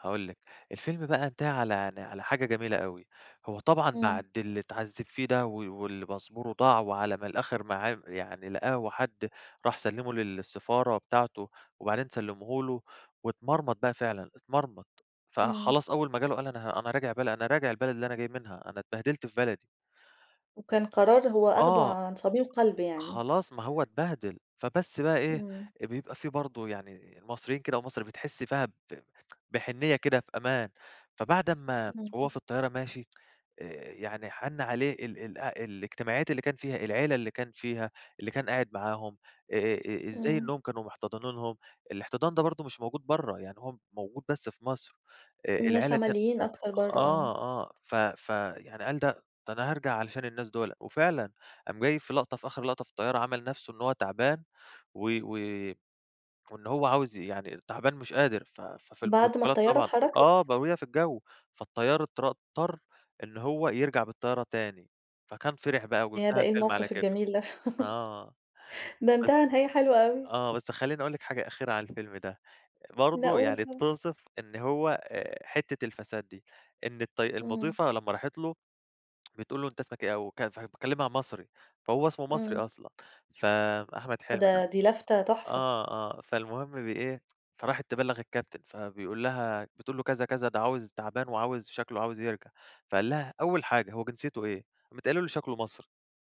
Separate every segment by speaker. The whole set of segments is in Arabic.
Speaker 1: هاقول لِك، الفيلم بقى انتهى على ن على حاجة جميلة أوي، هو طبعًا
Speaker 2: إمم.
Speaker 1: بعد اللي اتعذّب فيه ده و واللي باسبوره ضاع وعلى ما الآخر معاه يعني لقاه وحد راح سلّمه لل للسفارة بتاعته، وبعدين سلّمه له، واتمرمط بقى فعلًا،
Speaker 2: إمم.
Speaker 1: اتمرمط.فخلاص أول ما جاله قال: "أنا أنا راجع بلد أنا راجع البلد اللي أنا جاي منها أنا اتبهدلت في بلدي."
Speaker 2: وكان قراره هو أخده
Speaker 1: آه.
Speaker 2: عن صميم قلب يعني.
Speaker 1: خلاص ما هو اتبهدل فبس بقى إيه
Speaker 2: إمم.
Speaker 1: بيبقى فيه برضه يعني مصريين كده أو مصر بتحس فيها ب بحنيّة كده في أمان، فبعد أمّا وهو في
Speaker 2: إمم.
Speaker 1: الطيارة ماشي آآ يعني حَن عليه ال ال الاجتماعيات اللي كان فيها، العيلة اللي كان فيها، اللي كان قاعد معاهم، آآ آآ آآ ازاي
Speaker 2: إمم.
Speaker 1: إنهم كانوا محتضنينهم. الاحتضان ده برضه مش موجود برّا، يعني هو موجود بس في مصر، آآ
Speaker 2: الناس
Speaker 1: العيلة ديًّا
Speaker 2: عمليين أكتر برّا
Speaker 1: آه
Speaker 2: آه.
Speaker 1: آه ف فـيعني قال: "ده ده أنا هارجع علشان الناس دوله" وفعلًا قام جاي في لَقطة في آخر لَقطة في الطيارة عَمل نفسه إن هو تعبان و و وإن هو عاوز يعني تعبان مش قادر، ف فـفي
Speaker 2: بعد ما
Speaker 1: البروتوكولات
Speaker 2: الطيارة
Speaker 1: طبعًا آه ب
Speaker 2: اتحركت؟
Speaker 1: وهي في الجو، فالطيار اطر اضطر إن هو يرجع بالطيارة تاني فكان فِرح بقى،
Speaker 2: ياه ده
Speaker 1: وانتهى
Speaker 2: إيه
Speaker 1: الفيلم على
Speaker 2: الموقف
Speaker 1: كده،
Speaker 2: الجميل ده
Speaker 1: آه
Speaker 2: ده
Speaker 1: بس
Speaker 2: انتهى نهاية حلوة أوي.
Speaker 1: آه بس خلّيني أقول لِك حاجة أخيرة عن الفيلم ده،
Speaker 2: لأ
Speaker 1: برضه
Speaker 2: قُل
Speaker 1: يعني
Speaker 2: طبعًا.
Speaker 1: بتوصِف إن هو آآ حتّة الفساد دي، إن الط
Speaker 2: إمم.
Speaker 1: المضيفة لما راحت له بتقول له: "أنت اسمك إيه" وك فكلمها مصري، فهو اسمه مصري
Speaker 2: إمم.
Speaker 1: أصلًا، فـأحمد حلمي ده
Speaker 2: ده دي لفتة تحفة.
Speaker 1: آه آه فالمُهم بإيه فراحت تبلّغ الcaptain، فبيقول لها بتقول له: "كذا كذا ده عاوز تعبان وعاوز شكله عاوز يرجع" فقال لها: "أول حاجة هو جنسيته إيه؟" قامت قايله له: "شكله مصري"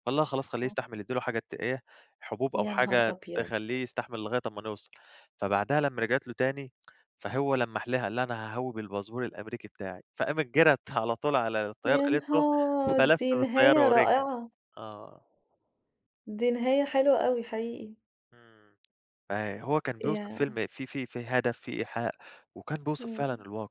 Speaker 1: قال لها: "خلاص خليه
Speaker 2: آه.
Speaker 1: يستحمل ادّي له حاجة ت إيه حُبوب أو
Speaker 2: يا نهار
Speaker 1: حاجة
Speaker 2: أبيض!
Speaker 1: تخلّيه يستحمل لغاية أمّا نوصَل" فبعدها لمّا رجعت له تاني، فهو لمّح لها قال لها: "أنا هاهوي بالpassport الأمريكي بتاعي" فقامت جرَت على طول على الطيار
Speaker 2: يا
Speaker 1: قالت له
Speaker 2: نهار!
Speaker 1: فلَف
Speaker 2: دي نهاية
Speaker 1: بالطيارة ورجع
Speaker 2: رائعة!
Speaker 1: آه.
Speaker 2: دي نهاية حلوة أوي حقيقي.
Speaker 1: إمم آآ هو كان بيوصِف
Speaker 2: ياه!
Speaker 1: فيلم فيه فيه فيه هدف فيه إيحاء وكان بيوصِف فعلًا
Speaker 2: إمم.
Speaker 1: الواقع.